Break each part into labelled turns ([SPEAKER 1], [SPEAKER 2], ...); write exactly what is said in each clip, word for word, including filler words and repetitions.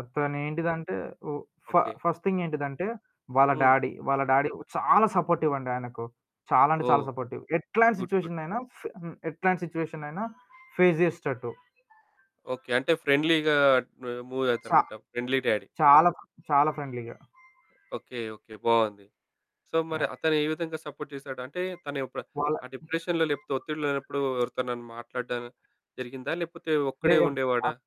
[SPEAKER 1] అతనేంటిదంటే ఓహ్! ఫ
[SPEAKER 2] okay.
[SPEAKER 1] First thing ఏంటిదంటే వాళ్ళ
[SPEAKER 2] హ్మ్.
[SPEAKER 1] డాడీ. వాళ్ళ డాడీ చాలా సపోర్టివండి ఆయనకు. చాలా అంటే చాలా
[SPEAKER 2] ఓహ్!
[SPEAKER 1] సపోర్టివ్. ఎట్లాంటి
[SPEAKER 2] గుడ్. గుడ్.
[SPEAKER 1] సిట్యుయేషన్‌నైనా ఫ్ హ్మ్. ఎట్లాంటి సిట్యుయేషన్‌నైనా ఫేస్ జేసేటట్టు.
[SPEAKER 2] ఓకే. అంటే ఫ్రెండ్లీగా ఆహ్,
[SPEAKER 1] సా
[SPEAKER 2] మూవవుతారనమాట. Friendly daddy.
[SPEAKER 1] చాలా చాలా ఫ్రెండ్‌లీగా.
[SPEAKER 2] ఓకే. ఓకే. బావుంది. సో మరి
[SPEAKER 1] యాహ్!
[SPEAKER 2] అతను ఏ విధంగా సపోర్ట్ జేశాడు? అంటే తనిప్పుడు
[SPEAKER 1] వాళ్ళ
[SPEAKER 2] ఆ డిప్రెషన్‌లో లేపోతే ఒత్తిడి లేనప్పుడు ఎవరితోనన్న మాట్లాడడం జరిగిందా? లేకపోతే
[SPEAKER 1] లే
[SPEAKER 2] ఒక్కడే ఉండేవాడా?
[SPEAKER 1] అప్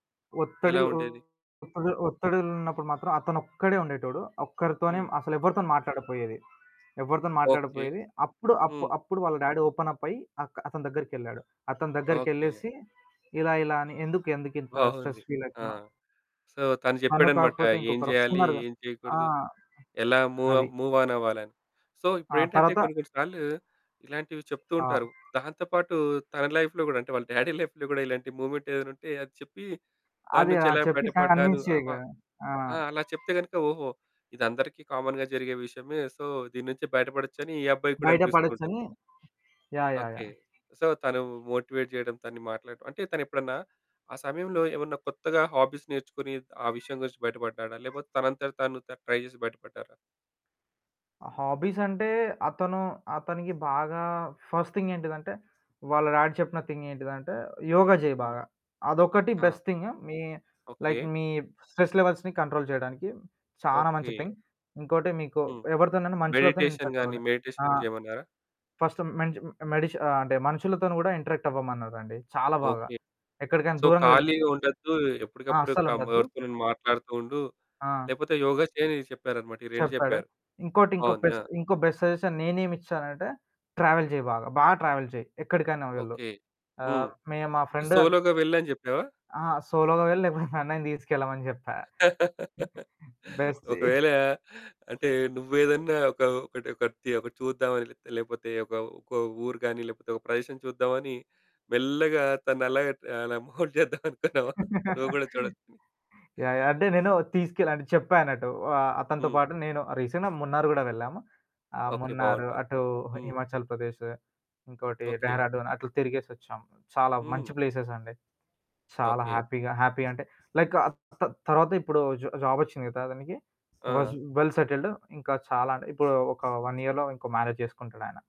[SPEAKER 2] ఎలా
[SPEAKER 1] ఒత్తిడిలో
[SPEAKER 2] ఉండేది?
[SPEAKER 1] ఒత్తిది ఒత్తిడిలున్నప్పుడు మాత్రం, అతనొక్కడే ఉండేటోడు. ఒక్కరితోనే
[SPEAKER 2] హ్మ్.
[SPEAKER 1] అసలెవరితోని మాట్లాడపోయేది. ఎవ్వరితోను
[SPEAKER 2] ఓకే.
[SPEAKER 1] మాట్లాడకపోయేది. అప్పుడు అప్పు
[SPEAKER 2] హ్మ్.
[SPEAKER 1] అప్పుడు వాళ్ళ డ్యాడీ ఓపెనప్ అయ్యి అక్ అతని దగ్గరికెళ్ళాడు. అతని
[SPEAKER 2] ఓకే.
[SPEAKER 1] దగ్గరికెళ్ళేసి, ఇలా ఇలా అని? ఎందుకు ఎందుకు ఇంత స్ట్రెస్
[SPEAKER 2] బావుంది. ఆ!
[SPEAKER 1] ఫీలయితన్నవు
[SPEAKER 2] సో తను
[SPEAKER 1] తను
[SPEAKER 2] జెప్పాడనమాట.
[SPEAKER 1] కాకపోతే
[SPEAKER 2] ఏం
[SPEAKER 1] ఇంకొకరు
[SPEAKER 2] జేయాలి?
[SPEAKER 1] వస్తున్నారుగా!
[SPEAKER 2] ఏం
[SPEAKER 1] ఆ!
[SPEAKER 2] జేయకూడదు? ఎలా మూవ
[SPEAKER 1] అది.
[SPEAKER 2] మూవాన్ అవ్వాలని? సో
[SPEAKER 1] ఆ!
[SPEAKER 2] ఇప్పుడేంటంటే,
[SPEAKER 1] తర్వాత
[SPEAKER 2] కొన్ని కొన్ని సార్లు ఇలాంటివి చెప్తూ
[SPEAKER 1] ఆ!
[SPEAKER 2] ఉంటారు. దాంతో పాటు తన లైఫ్‌లో గూడా అంటే, వాళ్ళ డ్యాడీ లైఫ్‌లో గూడా ఇలాంటి మూవ్మెంటేదైనా ఉంటే అది చెప్పి దాని
[SPEAKER 1] అది
[SPEAKER 2] నుంచి
[SPEAKER 1] ఆ!
[SPEAKER 2] ఎలా
[SPEAKER 1] చెప్పి
[SPEAKER 2] బయటపడ్డాను
[SPEAKER 1] కన్విన్స్
[SPEAKER 2] ఆప
[SPEAKER 1] చేయగా ఆ!
[SPEAKER 2] ఆ! అలా చెప్తే గనుక ఓహో! ఇదందరికీ కామన్‌గా జరిగే విషయమే. సో దీని నుంచి బయటపడొచ్చని ఈ అబ్బాయికి గూడా
[SPEAKER 1] బయట
[SPEAKER 2] అనిపిస్తూ ఉంటుంది.
[SPEAKER 1] పడొచ్చని. Yeah! Yeah!
[SPEAKER 2] Okay.
[SPEAKER 1] Yeah!
[SPEAKER 2] So తను మోటివేట్ జేయడం తను మాట్లాడ అంటే తనెప్పుడన్నా ఆ సమయంలో ఏమన్నా కొత్తగా హాబీస్ నేర్చుకొని ఆ విషయం గురించి బయటపడ్డాడా? లేపోతే తనంతట తాను తను ట్రై జేసి బయటపడ్డారా?
[SPEAKER 1] హాబీసంటే అతను అతనికి బాగా ఫస్ట్ థింగేంటిదంటే, వాళ్ళ డాడి చెప్పిన థింగేంటిదంటే యోగ జేయి
[SPEAKER 2] హ్మ్.
[SPEAKER 1] బాగా. అదొకటి
[SPEAKER 2] ఆ!
[SPEAKER 1] Best thing. మీ లైక్
[SPEAKER 2] ఓకే.
[SPEAKER 1] మీ స్ట్రెస్ లెవెల్స్‌ని కంట్రోల్ చేయడానికి, చానా మంచి
[SPEAKER 2] ఓకే.
[SPEAKER 1] థింగ్. ఇంకోటి మీకు
[SPEAKER 2] హ్మ్.
[SPEAKER 1] ఎవరితోనైనా మనుషులతోని
[SPEAKER 2] మెడిటేషన్ గాని,
[SPEAKER 1] ఇంటరాక్టవ్వాలి.
[SPEAKER 2] మెడిటేషన్ గూడా
[SPEAKER 1] ఆహ్,
[SPEAKER 2] చేయమన్నారా?
[SPEAKER 1] ఫస్ట్ మెంచ మెడిచి ఆహ్, అంటే మనుషులతోని కూడా ఇంటరాక్టవ్వమన్నారండి. చాలా బాగా.
[SPEAKER 2] ఓకే.
[SPEAKER 1] ఎక్కడికైనా
[SPEAKER 2] సో
[SPEAKER 1] దూరంగా వెళ్ళినా
[SPEAKER 2] ఖాళీగా ఉండొద్దు.
[SPEAKER 1] ఆ!
[SPEAKER 2] ఎప్పటికప్పుడు కమ్
[SPEAKER 1] అస్సలుండొద్దు.
[SPEAKER 2] ఎవర్తోనన్న మాట్లాడుతూ ఉండు.
[SPEAKER 1] ఆ!
[SPEAKER 2] లేపోతే యోగా చేయని చెప్పారనమాట. ఈ రెండు
[SPEAKER 1] చెప్పాడు.
[SPEAKER 2] జెప్పారు.
[SPEAKER 1] ఇంకోటి ఇంకో
[SPEAKER 2] బావుంది. ఆ!
[SPEAKER 1] బెస్ట్ ఇంకో బెస్ట్ సజెషన్ నేనేమిచ్చానంటే. ట్రావెల్ జెయ్యి బాగా. బా ట్రావెల్ చెయి. ఎక్కడికైనా వెళ్ళు.
[SPEAKER 2] ఓకే. హ్మ్.
[SPEAKER 1] ఆహ్, మే మా
[SPEAKER 2] ఇది
[SPEAKER 1] ఫ్రెండు
[SPEAKER 2] సోలోగా వెళ్ళని చెప్పావా?
[SPEAKER 1] అహా! సోలోగా వెళ్ళ లేకపోతే నన్నైనా తీసుకెళ్ళమని జెప్పా. బెస్టీ
[SPEAKER 2] ఒకవేళ అంటే నువ్వేదన్నా ఒక ఒకటి ఒకటిది ఒకటి చూద్దామని లే లేకపోతే ఒక ఒక ఊరు గాని లేకపోతే ఒక ప్రదేశం చూద్దామని మెల్లగా తనలాగా అలా మోల్ద్ జేద్దామనుకున్నావా? నువ్వు గూడా చూడొచ్చని.
[SPEAKER 1] యాహ్! యాహ్! అంటే నేను తీసుకెళ్ అంటే చెప్పా అన్నట్టు. వా అతనితో
[SPEAKER 2] హ్మ్.
[SPEAKER 1] పాటు. నేను ఆహ్, రీసెంట్‌గా మున్నారు గూడా వెళ్ళాము. ఆహ్,
[SPEAKER 2] ఓకే.
[SPEAKER 1] మున్నారు
[SPEAKER 2] బావుంటుంది.
[SPEAKER 1] అటు హ
[SPEAKER 2] హ్మ్.
[SPEAKER 1] హిమాచల్ ప్రదేశు. ఇంకోటి
[SPEAKER 2] ఓకే.
[SPEAKER 1] డెహ్రాడూన్ అట్లా తిరిగేసొచ్చాం. చాలా మంచి
[SPEAKER 2] హ్మ్.
[SPEAKER 1] ప్లేసెసండి. చాలా
[SPEAKER 2] ఓకే.
[SPEAKER 1] హ్యాపీగా హ్యాపీ అంటే లైకు త తరువాత ఇపుడు జా జాబొచ్చింది కదా! ఆతనికి. వాజు
[SPEAKER 2] ఆ!
[SPEAKER 1] వెల్ సెటైల్డు ఇంకా చాలా అంటే ఇపుడు ఒక వన్ ఇయర్‌లో ఇంకో మ్యారేజ్ జేసుకుంటడాయన.